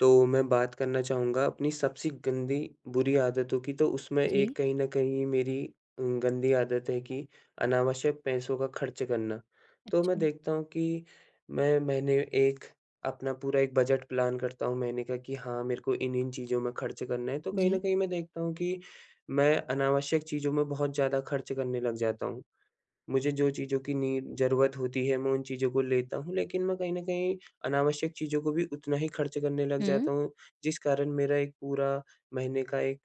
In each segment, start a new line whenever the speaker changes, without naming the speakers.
तो मैं बात करना चाहूँगा अपनी सबसे गंदी, बुरी आदतों कि तो उसमें एक
जी।
कहीं न कहीं ये मेरी अ, गंदी आदत है कि अनावश्यक पैसों का खर्च करना, तो मैं
अच्छा।
देखता हूँ कि मैं मैंने एक अपना पूरा एक बजट प्लान करता हूँ महीने का कि हाँ मेरे को इन-इन चीज़ों में खर्च करना है। तो कहीं न
जी।
कहीं मैं देखता हूँ कि मैं अनावश्यक चीज़ों में बहुत ज़्यादा खर्च करने लग जाता हूँ, मुझे जो चीज़ों की नीड ज़रूरत होती है, मैं उन चीज़ों को लेता हूँ लेकिन मैं कहीं न कहीं अनावश्यक चीज़ों को भी उतना ही खर्च करने लग
हुँ।
जाता हूँ, जिस कारण मेरा एक पूरा महीने का एक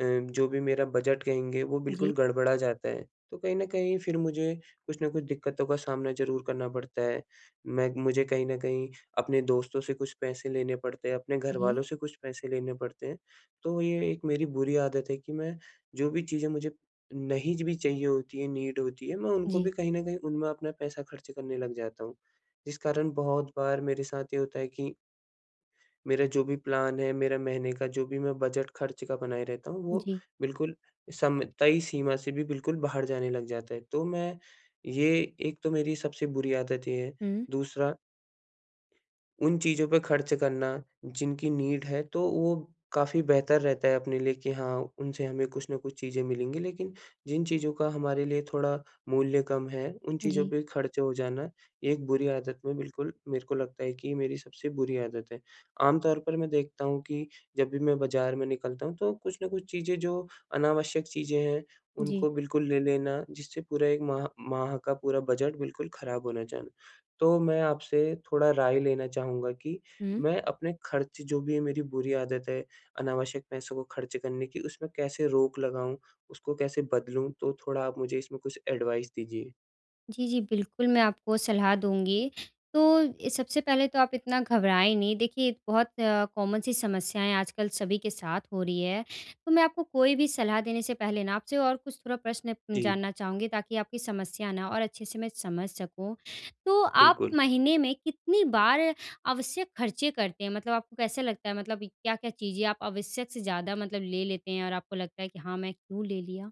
अ, जो भी मेरा बजट कहेंगे, वो
जी।
बिल्कुल गड़बड़ा जाता है। तो कहीं न कहीं फिर मुझे कुछ न कुछ दिक्कतों का सामना ज़रूर करना पड़ता है। मैं मुझे कहीं न कहीं अपने दोस्तों से कुछ पैसे लेने पड़ते हैं, अपने
जी।
घरवालों से कुछ पैसे लेने पड़ते हैं, तो ये एक मेरी बुरी आदत है कि मैं जो भी चीज़ें मुझे नहीं भी चाहिए होती है, नीड होती है मैं उनको भी
जी।
कहीं न कहीं, उनमें अपना पैसा खर्च करने लग जाता हूँ। जिस कारण बहुत बार मेरे साथ ये होता है कि मेरे जो भी प्लान है, मेरा महीने का जो भी मैं बजट खर्च का बनाए रहता हूँ, वो
जी।
बिल्कुल समय तय सीमा से भी बिल्कुल बाहर जाने लग जाता है। तो मैं ये एक तो मेरी सबसे बुरी आदत ये है।
हुँ।
दूसरा उन चीज़ों पे खर्च करना जिनकी नीड है तो वो काफ़ी बेहतर रहता है, अपने लिए कि हाँ, उनसे हमें कुछ ना कुछ चीज़ें मिलेंगी, लेकिन जिन चीज़ों का हमारे लिए थोड़ा मूल्य कम है, उन चीज़ों
जी।
पे खर्च हो जाना, एक बुरी आदत में बिल्कुल मेरे को लगता है कि मेरी सबसे बुरी आदत है। आम तौर पर मैं देखता हूँ कि जब भी मैं बाज़ार में निकलता हूँ, तो कुछ न कुछ चीज़ें जो अनावश्यक चीज़ें हैं,
जी।
उनको बिल्कुल ले लेना, जिससे पूरा 1 माह माह, का पूरा बजट बिल्कुल खराब होना जाना। तो मैं आपसे थोड़ा राय लेना चाहूँगा कि
हुँ।
मैं अपने खर्च जो भी है मेरी बुरी आदत है, अनावश्यक पैसों को खर्च करने की, उसमें कैसे रोक लगाऊँ? उसको कैसे बदलूँ? तो थोड़ा आप मुझे इसमें कुछ एडवाइस दीजिए?
जी, जी। बिल्कुल मैं आपको सलाह दूँगी। तो ये सबसे पहले तो आप इतना घबराएँ नहीं देखिए बहुत कॉमन सी समस्याएँ आजकल सभी के साथ हो रही है, तो मैं आपको कोई भी सलाह देने से पहले ना आपसे और कुछ थोड़ा प्रश्न
जी।
जानना चाहूँगी ताकि आपकी समस्या ना और अच्छे से मैं समझ सकूँ। तो आप
बिल्कुल।
महीने में कितनी बार आवश्यक खर्चे करते हैं? मतलब आपको कैसा लगता है मतलब क्या-क्या चीज़ें आप आवश्यक से ज़्यादा मतलब ले लेते हैं और आपको लगता है कि हाँ, मैं क्यों ले लिया?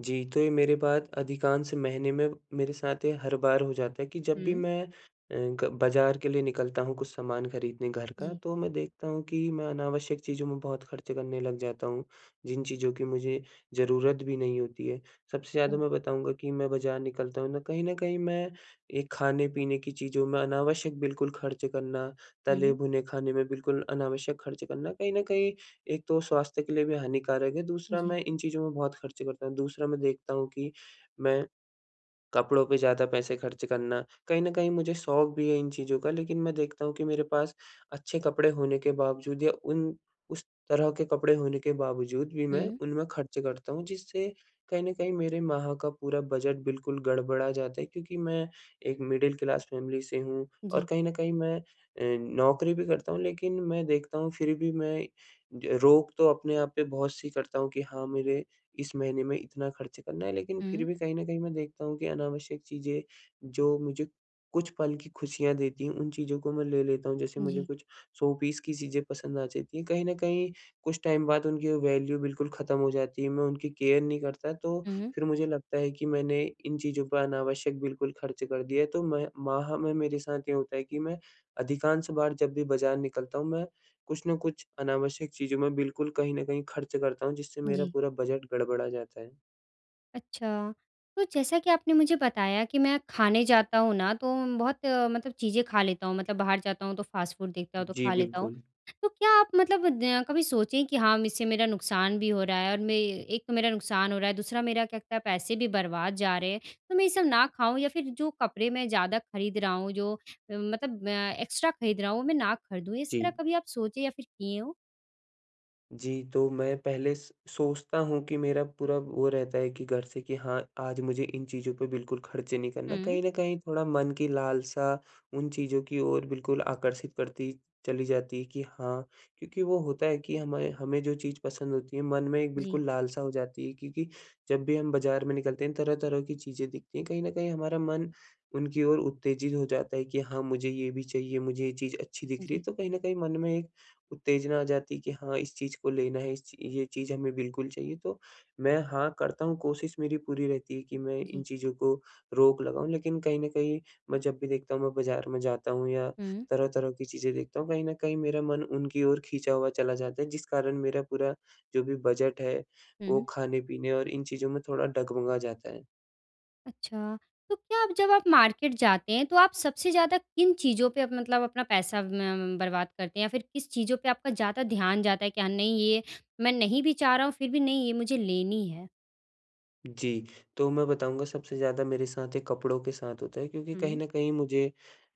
जी, तो ये मेरी बात अधिकांश महीने में मेरे साथ ये हर बार हो जाता है कि जब भी
हुँ।
मैं अ, ग बाज़ार के लिए निकलता हूँ कुछ सामान खरीदने घर का
जी।
तो मैं देखता हूँ कि मैं अनावश्यक चीज़ों में बहुत खर्च करने लग जाता हूँ, जिन चीज़ों की मुझे ज़रूरत भी नहीं होती है। सबसे ज़्यादा
हुँ।
मैं बताऊँगा कि मैं बाज़ार निकलता हूँ ना, कहीं न कहीं मैं एक खाने-पीने की चीज़ों में अनावश्यक बिल्कुल खर्च करना
हुँ।
तले-भुने खाने में बिल्कुल अनावश्यक खर्च करना कहीं न कहीं एक तो स्वास्थ्य के लिए भी हानिकारक है दूसरा
जी।
मैं इन चीज़ों में बहुत खर्चे करता हूँ। दूसरा मैं देखता हूँ कि, मैं कपड़ों पे ज़्यादा पैसे खर्च करना कहीं न कहीं मुझे शौक भी है इन चीज़ों का लेकिन मैं देखता हूँ कि मेरे पास अच्छे कपड़े होने के बावजूद या उन उस तरह के कपड़े होने के बावजूद भी मैं
हुँ।
उनमें खर्चे करता हूँ। जिससे कहीं न कहीं मेरे माह का पूरा बजट बिल्कुल गड़बड़ा जाता है क्योंकि मैं एक मिडिल क्लास फ़ैमिली से हूँ। और
जी।
कहीं न कहीं मैं अ, नौकरी भी करता हूँ लेकिन मैं देखता हूँ फिर भी मैं ज रोक तो अपने आप पे बहुत-सी करता हूँ कि हाँ मेरे इस महीने में इतना खर्च करना है, लेकिन फिर
हुँ।
भी कहीं न कहीं मैं देखता हूँ कि अनावश्यक चीजें जो मुझे कुछ पल की खुशियाँ देती हैं उन चीज़ों को मैं ले लेता हूँ। जैसे मुझे
जी।
कुछ शो पीस की चीजें पसंद आ जाती हैं, कहीं न कहीं कुछ टाइम बाद उनकी वो वैल्यू बिल्कुल ख़त्म हो जाती है मैं उनकी केयर नहीं करता तो
हुँ।
फिर मुझे लगता है कि मैंने इन चीज़ों पे अनावश्यक बिल्कुल खर्च कर दिया। तो मैं माह में मेरे साथ ये होता है कि मैं अधिकांश बार जब भी बाज़ार निकलता हूँ मैं कुछ न कुछ अनावश्यक चीज़ों में बिल्कुल कहीं न कहीं खर्च करता हूँ, जिससे मेरा
जी।
पूरा बजट गड़बड़ा जाता है।
अच्छा। तो जैसा कि आपने मुझे बताया कि "मैं खाने जाता हूँ ना तो बहुत मतलब चीज़ें खा लेता हूँ। मतलब बाहर जाता हूँ तो फास्ट फूड देखता हूँ तो
जी,
खा लेता हूँ।"
बिल्कुल।
तो क्या आप मतलब द कभी सोचे कि हाँ, इससे मेरा नुकसान भी हो रहा है? और मैं एक मेरा नुकसान हो रहा है, दूसरा मेरा क्या कहते है पैसे भी बर्बाद जा रहे हैं? तो मैं ये सब ना खाऊँ या फिर जो कपड़े मैं ज़्यादा खरीद रहा हूँ जो मतलब अ, एक्स्ट्रा खरीद रहा हूँ मैं ना खरीदूँ। इस तरह
जी।
कभी आप सोचे या फिर किए हो?
जी। तो मैं पहले स सोचता हूँ कि मेरा पूरा वो रहता है कि घर से कि हाँ, आज मुझे इन चीज़ों पे बिल्कुल खर्चे नहीं करना।
हुँ।
कहीं न कहीं थोड़ा मन की लालसा उन चीज़ों की ओर बिल्कुल आकर्षित करती चली जाती कि हाँ, क्योंकि वो होता है कि हमाए हमें जो चीज़ पसंद होती है मन में एक
जी।
बिल्कुल लालसा हो जाती है। क्योंकि जब भी हम बाज़ार में निकलते हैं तरह-तरह की चीज़ें दिखती हैं कहीं न कहीं हमारा मन उनकी ओर उत्तेजित हो जाता है कि हाँ, मुझे ये भी चाहिए, मुझे ये चीज़ अच्छी दिख रही है।
जी।
तो कहीं न कहीं मन में एक उत्तेजना आ जाती है कि हाँ, इस चीज़ को लेना है इस ये चीज़ हमें बिल्कुल चाहिए। तो मैं हाँ, करता हूँ, कोशिश मेरी पूरी रहती है कि मैं इन
जी।
चीज़ों को रोक लगाऊँ। लेकिन कहीं न कहीं मैं जब भी देखता हूँ मैं बाज़ार में जाता हूँ या
हुँ।
तरह-तरह की चीज़ें देखता हूँ कहीं न कहीं मेरा मन उनकी ओर खींचा हुआ चला जाता है। जिस कारण मेरा पूरा जो भी बजट है वो
हुँ।
खाने पीने और इन चीज़ों में थोड़ा डगमगा जाता है।
अच्छा, तो क्या आप जब आप मार्केट जाते हैं, तो आप सबसे ज़्यादा किन चीज़ों पे, अप मतलब अपना पैसा म बर्बाद करते हैं? या फिर किस चीज़ों पे आपका ज़्यादा ध्यान जाता है? क्या नहीं ये, मैं नहीं भी चाह रहा हूँ फिर भी नहीं ये मुझे लेनी है?
जी, तो मैं बताऊँगा सबसे ज़्यादा मेरे साथ, ये कपड़ों के साथ होता है क्योंकि कहीं
हुँ।
न कहीं मुझे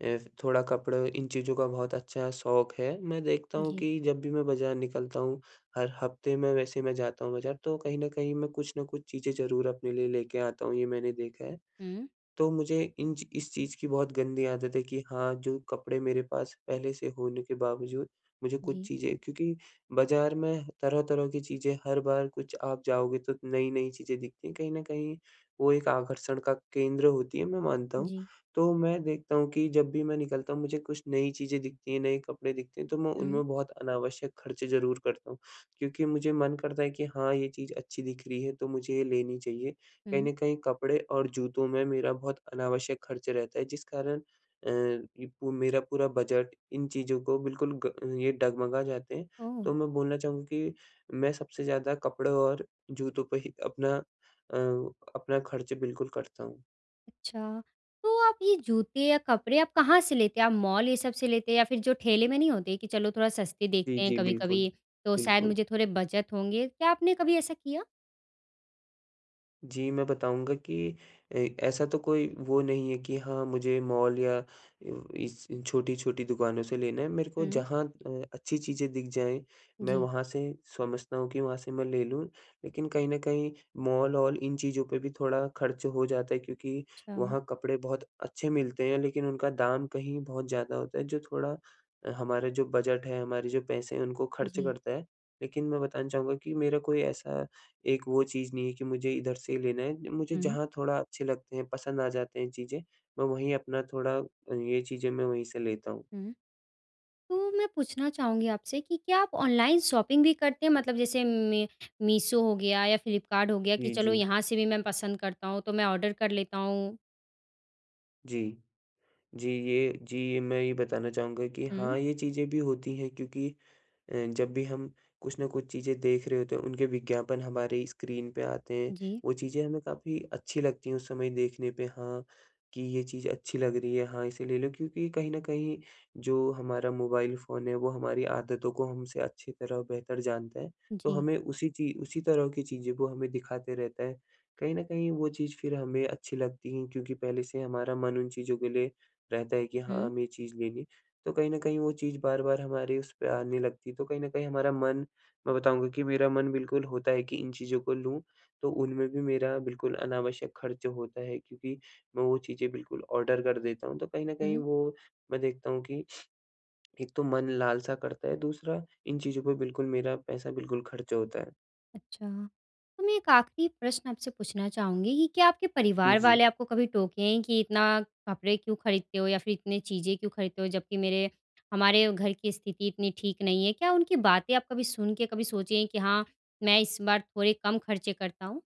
अ, थोड़ा कपड़ा इन चीज़ों का बहुत अच्छा शौक़ है। मैं देखता हूँ
जी।
कि जब भी मैं बाज़ार निकलता हूँ। हर हफ्ते में वैसे मैं जाता हूँ बाज़ार, तो कहीं न कहीं मैं कुछ ना कुछ चीज़ें ज़रूर अपने लिए लेके आता हूँ, ये मैंने देखा है।
हुँ।
तो मुझे इन इस चीज़ की बहुत गंदी आदत है कि, हाँ, जो कपड़े मेरे पास पहले से होने के बावजूद, मुझे कुछ
जी।
चीज़ें क्योंकि बाज़ार में तरह-तरह की चीज़ें हर बार कुछ आप जाओगे, तो नई-नई चीज़ें दिखती हैं, कहीं न कहीं, वो एक आकर्षण का केंद्र होती है, मैं मानता हूँ।
जी।
तो मैं देखता हूँ कि जब भी मैं निकलता हूँ, मुझे कुछ नई चीज़ें दिखती हैं, नए कपड़े दिखते हैं, तो मैं
हुँ।
उनमें बहुत अनावश्यक खर्चे ज़रूर करता हूँ क्योंकि मुझे मन करता है कि हाँ ये चीज़ अच्छी दिख रही है, तो मुझे ये लेनी चाहिए कहीं
हुँ।
न कहीं कपड़े और जूतों में मेरा बहुत अनावश्यक खर्च रहता है जिस कारण अ, ये पू मेरा पूरा बजट, इन चीज़ों को बिल्कुल ग ये डगमगा जाते हैं,
ओह।
तो मैं बोलना चाहूँगा कि मैं सबसे ज़्यादा कपड़े और जूतों पे ही अपना अ, अपना खर्च बिल्कुल करता हूँ।
अच्छा, तो आप ये जूते या कपड़े आप कहाँ से लेते हैं? आप मॉल ये सब से लेते हैं या फिर जो ठेले में नहीं होते कि चलो थोड़ा सस्ते
जी,
देखते हैं
जी। बिल्कुल,
कभी-कभी, तो शायद
बिल्कुल।
मुझे थोड़े बचत होंगे क्या आपने कभी ऐसा किया?
जी, मैं बताऊँगा कि अ, ऐसा तो कोई वो नहीं है कि हाँ, मुझे मॉल या अ, इस छोटी-छोटी दुकानों से लेना है, मेरे को
हुँ।
जहाँ अ, अच्छी चीज़ें दिख जाएँ, मैं
जी।
वहाँ से समझता हूँ कि वहाँ से मैं ले लूँ। लेकिन कहीं न कहीं मॉल-ऑल इन चीज़ों पे भी थोड़ा खर्च हो जाता है क्योंकि
अच्छा।
वहाँ कपड़े बहुत अच्छे मिलते हैं लेकिन उनका दाम कहीं बहुत ज़्यादा होता है जो थोड़ा, अ, हमारा जो बजट है, हमारे जो पैसे हैं उनको खर्च
जी।
करता है, लेकिन मैं बताना चाहूँगा कि मेरा कोई ऐसा एक वो चीज़ नहीं है कि मुझे इधर से ही लेना है। मुझे
हुँ।
जहाँ थोड़ा अच्छे लगते हैं पसंद आ जाते हैं चीज़ें, मैं वहीं अपना थोड़ा ये चीज़ें मैं वहीं से लेता हूँ।
हुँ। तो मैं पूछना चाहूँगी आपसे कि क्या आप ऑनलाइन शॉपिंग भी करते हैं मतलब जैसे मै मीशो हो गया या फ्लिपकार्ट हो गया कि
इ
चलो
जी।
यहाँ से भी मैं पसंद करता हूँ तो मैं ऑर्डर कर लेता हूँ?
जी। जी ये जी ये मैं ये बताना चाहूँगा कि
हुँ।
हाँ, ये चीज़ें भी होती हैं क्योंकि अ, जब भी हम कुछ न कुछ चीज़ें देख रहे होते हैं, उनके विज्ञापन हमारी स्क्रीन पे आते हैं,
जी।
वो चीज़ें हमें काफ़ी अच्छी लगती हैं, उस समय देखने पे हाँ कि ये चीज़ अच्छी लग रही है। हाँ, इसे ले लो क्योंकि कहीं न कहीं जो हमारा मोबाइल फ़ोन है, वो हमारी आदतों को हमसे अच्छी तरह बेहतर जानता है तो
जी।
हमें उसी ची उसी तरह की चीज़ें वो हमें दिखाते रहता है। कहीं न कहीं वो चीज़ फिर हमें अच्छी लगती हैं क्योंकि पहले से ही हमारा मन उन चीज़ों के लिए रहता है कि हाँ,
हुँ।
हमें ये चीज़ लेनी है। तो कहीं न कहीं वो चीज़ बार-बार हमारे उस पे आने लगती है, तो कहीं न कहीं हमारा मन मैं बताऊँगा कि मेरा मन बिल्कुल होता है कि इन चीज़ों को लूँ, तो उनमें भी मेरा बिल्कुल अनावश्यक खर्च होता है क्योंकि मैं वो चीज़ें बिल्कुल ऑर्डर कर देता हूँ। तो कहीं न कहीं
हुँ।
वो, मैं देखता हूँ कि, एक तो मन लालसा करता है, दूसरा इन चीज़ों पे बिल्कुल मेरा पैसा, बिल्कुल खर्च होता है।
अच्छा, तो मैं एक आखिरी प्रश्न आपसे पूछना चाहूँगी कि क्या आपके
ई
परिवार
जी।
वाले आपको कभी टोके हैं कि, इतना कपड़े क्यों खरीदते हो? या फिर इतनी चीज़ें क्यों खरीदते हो? जबकि मेरे हमारे घर की स्थिति इतनी ठीक नहीं है, क्या उनकी बातें आप कभी सुन के कभी सोचे हैं कि हाँ, मैं इस बार थोड़े कम खर्चे करता हूँ?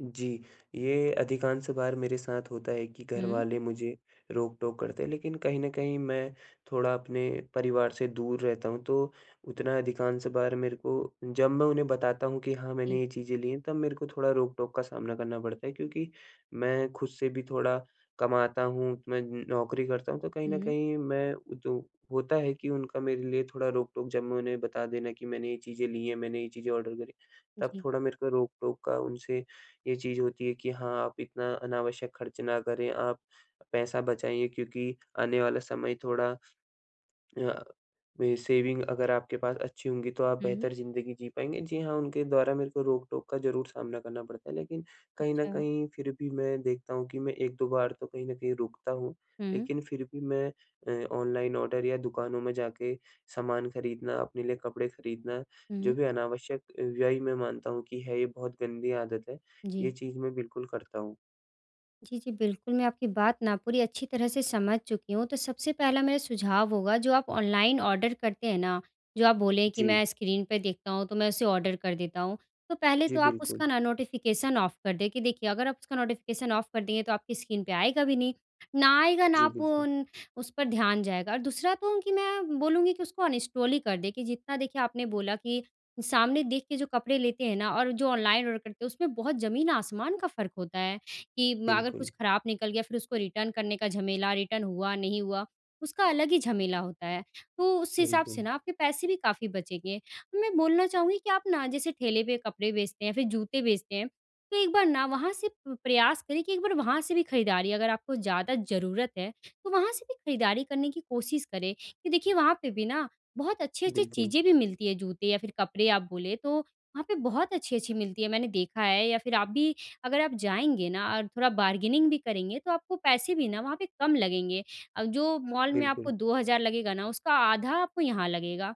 जी। ये अधिकांश बार मेरे साथ होता है कि घर
हुँ।
वाले मुझे रोक-टोक करते हैं। लेकिन कहीं न कहीं मैं थोड़ा अपने परिवार से दूर रहता हूँ तो उतना अधिकांश बार मेरे को जब मैं उन्हें बताता हूँ कि हाँ,
जी।
मैंने ये चीज़ें ली हैं तब मेरे को थोड़ा रोक-टोक का सामना करना पड़ता है। क्योंकि मैं खुद से भी थोड़ा कमाता हूँ। मैं न नौकरी करता हूँ। तो कहीं न
हुँ।
कहीं मैं जो होता है कि उनका मेरे लिए थोड़ा रोक-टोक जब मैं उन्हें बता देना कि मैंने ये चीज़ें ली हैं, मैंने ये चीज़ें ऑर्डर करी, तब
जी।
थोड़ा मेरे को रोक-टोक का उनसे ये चीज़ होती है कि हाँ, आप इतना अनावश्यक खर्च ना करें। आप पैसा बचाइए क्योंकि आने वाला समय थोड़ा अ, सेविंग अगर आपके पास अच्छी होंगी तो आप
हुँ।
बेहतर ज़िंदगी जी पाएँगे। जी हाँ, उनके द्वारा मेरे को रोक-टोक का ज़रूर सामना करना पड़ता है। लेकिन कहीं न
अच्छा।
कहीं फिर भी मैं देखता हूँ कि मैं 1-2 बार तो कहीं न कहीं रुकता हूँ।
हुँ।
लेकिन फिर भी मैं अ, ऑनलाइन ऑर्डर या दुकानों में जाके सामान खरीदना, अपने लिए कपड़े खरीदना जो
हुँ।
भी अनावश्यक व्यय मैं मानता हूँ कि है, ये बहुत गंदी आदत है। ये
जी।
चीज मैं बिल्कुल करता हूँ।
जी, जी, बिल्कुल, मैं आपकी बात ना पूरी अच्छी तरह से समझ चुकी हूँ तो सबसे पहला मेरा सुझाव होगा जो आप ऑनलाइन ऑर्डर करते हैं ना? जो आप बोले कि
जी।
मैं स्क्रीन पे देखता हूँ तो मैं उसे ऑर्डर कर देता हूँ। तो पहले
जी
तो आप
बिल्कुल।
उसका ना नोटिफिकेशन ऑफ कर दें, कि देखिए अगर आप उसका नोटिफिकेशन ऑफ कर देंगे तो आपकी स्क्रीन पे आएगा भी नहीं, ना आएगा ना
जी
आप
बिल्कुल।
उन उस पर ध्यान जाएगा। और दूसरा तो कि मैं बोलूँगी कि उसको अनइंस्टॉल ही कर दें कि जितना देखिए आपने बोला कि सामने देख के जो कपड़े लेते हैं ना, और जो ऑनलाइन ऑर्डर करते हैं उसमें बहुत जमीन-आसमान का फ़र्क होता है, कि अगर कुछ
बिल्कुल।
खराब निकल गया फिर उसको रिटर्न करने का झमेला रिटर्न हुआ नहीं हुआ, उसका अलग ही झमेला होता है। तो उस हिसाब से
बिल्कुल।
ना आपके पैसे भी काफ़ी बचेंगे, और मैं बोलना चाहूँगी कि आप ना जैसे ठेले पे कपड़े बेचते हैं या फिर जूते बेचते हैं, तो एक बार ना वहाँ से प प्रयास करें कि एक बार वहाँ से भी खरीदारी अगर आपको ज़्यादा ज़रूरत है, तो वहाँ से भी खरीदारी करने की कोशिश करें कि देखिए वहाँ पे भी ना, बहुत अच्छी-अच्छी
बिल्कुल।
चीज़ें भी मिलती हैं जूते या फिर कपड़े आप बोले तो, वहाँ पे बहुत अच्छी-अच्छी मिलती है मैंने देखा है, या फिर आप भी अगर आप जाएँगे ना और थोड़ा बार्गेनिंग भी करेंगे तो आपको पैसे भी ना वहाँ पे कम लगेंगे। अब जो मॉल में आपको
बिल्कुल।
2 हज़ार लगेगा ना उसका आधा आपको यहाँ लगेगा।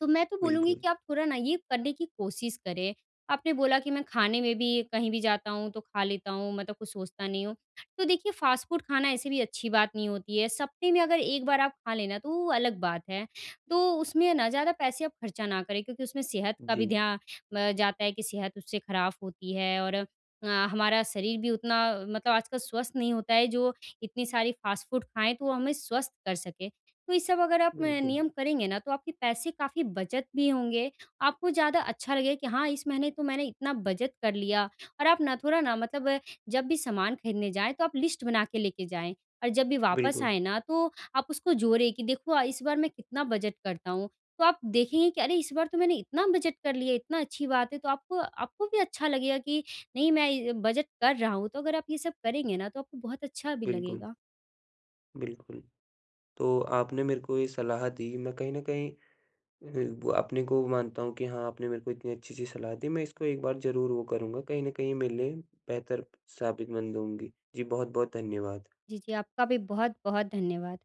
तो मैं तो बोलूँगी
बिल्कुल।
कि, आप थोड़ा ना ये करने की कोशिश करें। आपने बोला कि मैं खाने में भी कहीं भी जाता हूँ तो खा लेता हूँ मैं तो कुछ सोचता नहीं हूँ, तो देखिए फास्ट फूड खाना ऐसे भी अच्छी बात नहीं होती है, सप्तेह में अगर एक बार आप खा ले ना, तो वो अलग बात है, तो उसमें ना ज़्यादा पैसे आप खर्चा ना करें क्योंकि उसमें सेहत का भी
जी।
ध्या अ, जाता है कि सेहत उससे खराब होती है और अ, हमारा शरीर भी उतना मतलब आजकल स्वस्थ नहीं होता है जो इतनी सारी फास्ट फूड खाएँ तो वो हमें स्वस्थ कर सके। तो ये सब अगर आप म
बिल्कुल।
नियम करेंगे ना तो आपके पैसे काफ़ी बचत भी होंगे, आपको ज़्यादा अच्छा लगेगा कि हाँ इस महीने तो मैंने इतना बचत कर लिया, और आप ना थोड़ा ना मतलब जब भी सामान खरीदने जाएँ, तो आप लिस्ट बना के लेके जाएँ, और जब भी वापस
बिल्कुल।
आएँ ना, तो आप उसको जोड़े कि देखो अ, इस बार मैं कितना बचत करता हूँ, तो आप देखेंगे कि अरे! इस बार तो मैंने इतना बचत कर लिया इतनी अच्छी बात है, तो आपको आपको भी अच्छा लगेगा कि नहीं मैं बचत कर रहा हूँ तो अगर आप ये सब करेंगे ना, तो आपको बहुत अच्छा भी
बिल्कुल।
लगेगा।
बिल्कुल। तो आपने मेरे को ये सलाह दी, मैं कहीं न कहीं ब अपने को वो मानता हूँ कि हाँ आपने मेरे को इतनी अच्छी-सी सलाह दी, मैं इसको एक बार ज़रूर वो करूँगा कहीं न कहीं मेरे लिए बेहतर साबितमंद होंगी। जी, बहुत-बहुत धन्यवाद।
जी, जी। आपका भी बहुत-बहुत धन्यवाद।